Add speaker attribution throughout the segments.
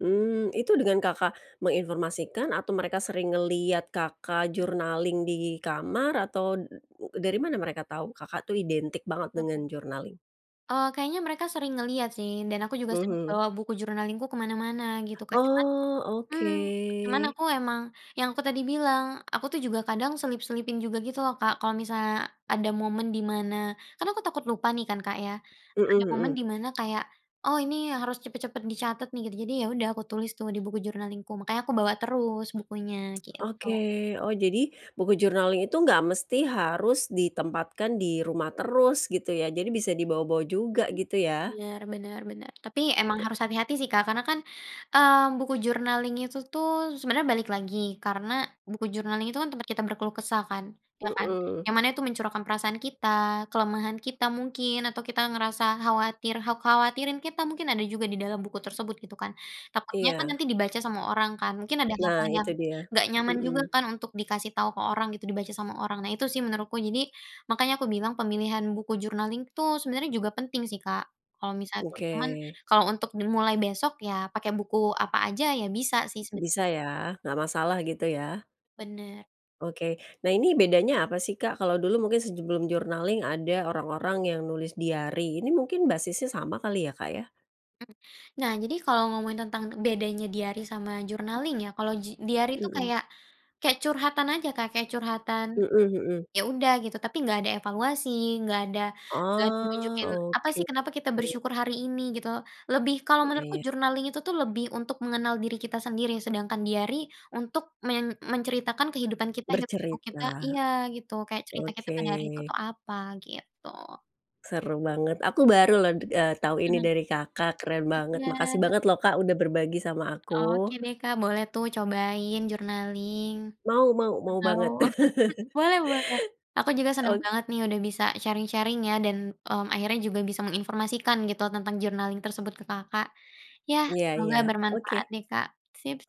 Speaker 1: Mmm, itu dengan Kakak menginformasikan atau mereka sering ngeliat Kakak journaling di kamar atau dari mana mereka tahu Kakak tuh identik banget dengan
Speaker 2: Oke.
Speaker 1: journaling?
Speaker 2: Oh kayaknya mereka sering ngelihat sih, dan aku juga sering
Speaker 1: Mhm.
Speaker 2: bawa buku journaling-ku kemana-mana gitu Kak. Cuman
Speaker 1: Oh,
Speaker 2: mmm, cuman
Speaker 1: oke.
Speaker 2: aku emang yang aku tadi bilang, aku tuh juga kadang selip-selipin juga gitu loh Kak, kalau misalnya ada momen di mana kan aku takut lupa nih kan Kak ya,
Speaker 1: Mhm
Speaker 2: ada momen
Speaker 1: mhm.
Speaker 2: di mana kayak, oh ini yang harus cepet-cepet dicatat nih gitu. Jadi ya udah, aku tulis tuh di buku journaling-ku makanya aku bawa terus bukunya gitu.
Speaker 1: Oke. Oh jadi buku jurnalnya itu nggak mesti harus ditempatkan di rumah terus gitu ya, jadi bisa dibawa-bawa juga gitu ya?
Speaker 2: Biar bener bener, tapi emang harus hati-hati sih Kak, karena kan, eee, buku journaling itu tuh sebenarnya balik, lagi karena buku journaling itu kan tempat kita berkeluh kesah kan, iya kan?
Speaker 1: Mhm.
Speaker 2: Yang mana itu mencurahkan perasaan kita, kelemahan kita mungkin atau kita ngerasa khawatir, kha khawatirin kita mungkin ada juga di dalam buku tersebut gitu kan. Takutnya kan
Speaker 1: Iya.
Speaker 2: nanti dibaca sama orang kan, mungkin ada
Speaker 1: Nah
Speaker 2: hal-hal yang,
Speaker 1: itu dia,
Speaker 2: nggak nyaman juga
Speaker 1: mhm.
Speaker 2: kan untuk dikasih tahu ke orang gitu, dibaca sama orang. Nah itu sih menurutku, jadi, makanya aku bilang pemilihan buku journaling tuh sebenarnya juga penting sih Kak, kalau misalnya tuh, cuman
Speaker 1: Oke.
Speaker 2: kalau untuk dimulai besok ya pakai buku apa aja, ya bisa sih seben
Speaker 1: Bisa ya, nggak masalah gitu ya?
Speaker 2: Benar.
Speaker 1: Oke. Nah ini bedanya apa sih Kak, kalau dulu mungkin sebelum journaling ada orang-orang yang nulis diary ini mungkin basisnya sama kali ya Kak ya?
Speaker 2: Mmm, nah jadi kalau ngomongin tentang bedanya diary sama journaling ya, kalau ji diary itu
Speaker 1: Mhm.
Speaker 2: kayak kayak curhatan aja Kak, kayak curhatan,
Speaker 1: Mhm mhm.
Speaker 2: ya udah gitu tapi enggak ada evaluasi, enggak ada enggak ada
Speaker 1: Oh,
Speaker 2: nunjukin apa
Speaker 1: oke.
Speaker 2: sih kenapa kita bersyukur hari ini, gitu. Lebih kalau
Speaker 1: Iya
Speaker 2: menurutku
Speaker 1: ya.
Speaker 2: journaling itu tuh lebih untuk mengenal diri kita sendiri, sedangkan diary untuk men menceritakan kehidupan kita, hiruk pikuk kita
Speaker 1: Bercerita,
Speaker 2: iya, gitu kayak cerita kita
Speaker 1: oke.
Speaker 2: pada hari itu tuh apa, gitu.
Speaker 1: Seru banget, aku baru loh, eee, tahu ini dari Kakak, keren banget. Makasih
Speaker 2: Iya.
Speaker 1: banget loh Kak, udah berbagi sama
Speaker 2: Oke
Speaker 1: aku.
Speaker 2: deh Kak, boleh tuh cobain journaling,
Speaker 1: Mau mau mau
Speaker 2: atau
Speaker 1: banget.
Speaker 2: boleh boleh, aku juga seneng
Speaker 1: O
Speaker 2: banget nih udah bisa sharing-sharing ya dan, mmm, akhirnya juga bisa menginformasikan gitu tentang journaling tersebut ke Kakak. Ya,
Speaker 1: Iya
Speaker 2: semoga
Speaker 1: iya,
Speaker 2: bermanfaat
Speaker 1: oke.
Speaker 2: deh Kak.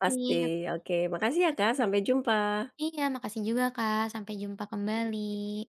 Speaker 1: Pasti, oke. Makasih ya
Speaker 2: oke
Speaker 1: Kak,
Speaker 2: deh,
Speaker 1: sampai jumpa.
Speaker 2: iya makasih juga Kak, sampai jumpa kembali.